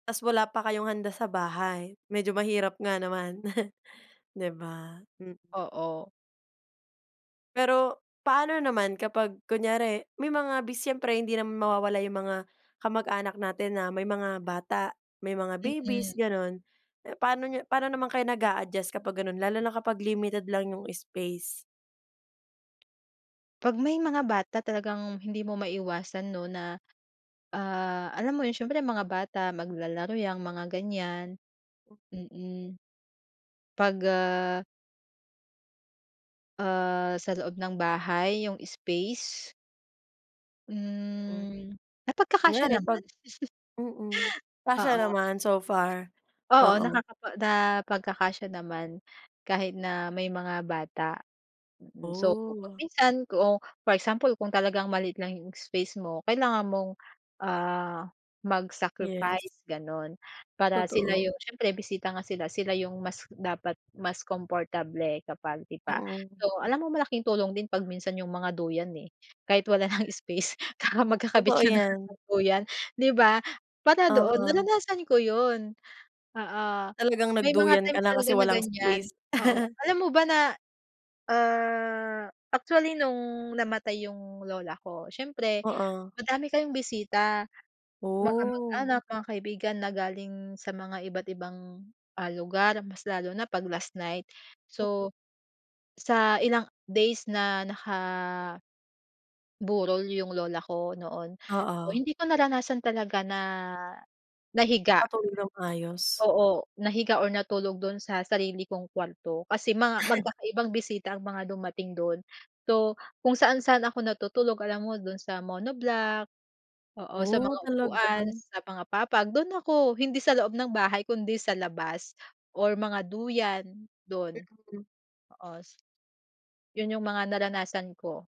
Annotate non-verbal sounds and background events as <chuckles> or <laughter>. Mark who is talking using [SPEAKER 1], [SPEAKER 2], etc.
[SPEAKER 1] Tapos wala pa kayong handa sa bahay, medyo mahirap nga naman. <chuckles> Di ba? Hmm.
[SPEAKER 2] Oo.
[SPEAKER 1] Pero paano naman kapag kunyari may mga bis siyempre hindi naman mawawala yung mga kamag-anak natin na may mga bata, may mga
[SPEAKER 2] Mm.
[SPEAKER 1] babies ganun. Paano niyo paano naman kayo nag-adjust kapag ganun lalo na kapag limited lang yung space?
[SPEAKER 2] 'Pag may mga bata talagang hindi mo maiwasan no na, ah, alam mo yun siyempre mga bata maglalaro yang mga ganyan. Hmm, pag, ah ah, sa loob ng bahay yung space?
[SPEAKER 1] Hmm.
[SPEAKER 2] Hmm napagkakasiya
[SPEAKER 1] Kunyari pag
[SPEAKER 2] naman. <chuckles>
[SPEAKER 1] mm, kasya
[SPEAKER 2] Oo.
[SPEAKER 1] naman so far,
[SPEAKER 2] Oo
[SPEAKER 1] oo.
[SPEAKER 2] nakapag napagkaksya naman kahit na may mga bata. So pag
[SPEAKER 1] Oh.
[SPEAKER 2] minsan kung for example kung talagang maliit lang yung space mo, kailangan mong ah, mag
[SPEAKER 1] Yes.
[SPEAKER 2] sacrifice ganun. Para sila
[SPEAKER 1] Totoo.
[SPEAKER 2] yung siyempre bisita nga sila, sila yung mas dapat mas comfable kapag iba,
[SPEAKER 1] Mm.
[SPEAKER 2] so alam mo malaking tulong din pag minsan yung mga duyan eh, kahit wala ng space magkakabit
[SPEAKER 1] Totoo
[SPEAKER 2] ka na
[SPEAKER 1] yan.
[SPEAKER 2] ng duyan di ba? Para doon
[SPEAKER 1] Oo.
[SPEAKER 2] naranasan ko yun. Oo
[SPEAKER 1] Talagang
[SPEAKER 2] may mga
[SPEAKER 1] nagduyan ka
[SPEAKER 2] times
[SPEAKER 1] na kasi
[SPEAKER 2] talaga na
[SPEAKER 1] walang
[SPEAKER 2] ganyan,
[SPEAKER 1] space?
[SPEAKER 2] oo
[SPEAKER 1] <laughs>
[SPEAKER 2] alam mo ba na? Ah, actually nung namatay yung lola ko, siyempre
[SPEAKER 1] Oo.
[SPEAKER 2] madami kayong bisita. Mga
[SPEAKER 1] Oh.
[SPEAKER 2] kamag-anak mga kaibigan na galing sa mga iba't ibang ah, lugar mas lalo na pag last night.
[SPEAKER 1] <unintelligible>
[SPEAKER 2] So, sa ilang days na naka-burol yung lola ko noon. So
[SPEAKER 1] Oo.
[SPEAKER 2] hindi ko naranasan talaga na nahiga
[SPEAKER 1] Nakatulog ng maayos.
[SPEAKER 2] oo nahiga or natulog dun sa sarili kong kwarto, kasi mga
[SPEAKER 1] <chuckles>
[SPEAKER 2] magkakaibang bisita ang mga dumating dun. So, kung saan-saan ako natutulog alam mo, dun sa monoblock, oo sa
[SPEAKER 1] Oh,
[SPEAKER 2] mga
[SPEAKER 1] talaga?
[SPEAKER 2] upuan, sa mga papag dun ako, hindi sa loob ng bahay kundi sa labas, or mga duyan, dun. Oo, s yun yung mga naranasan ko.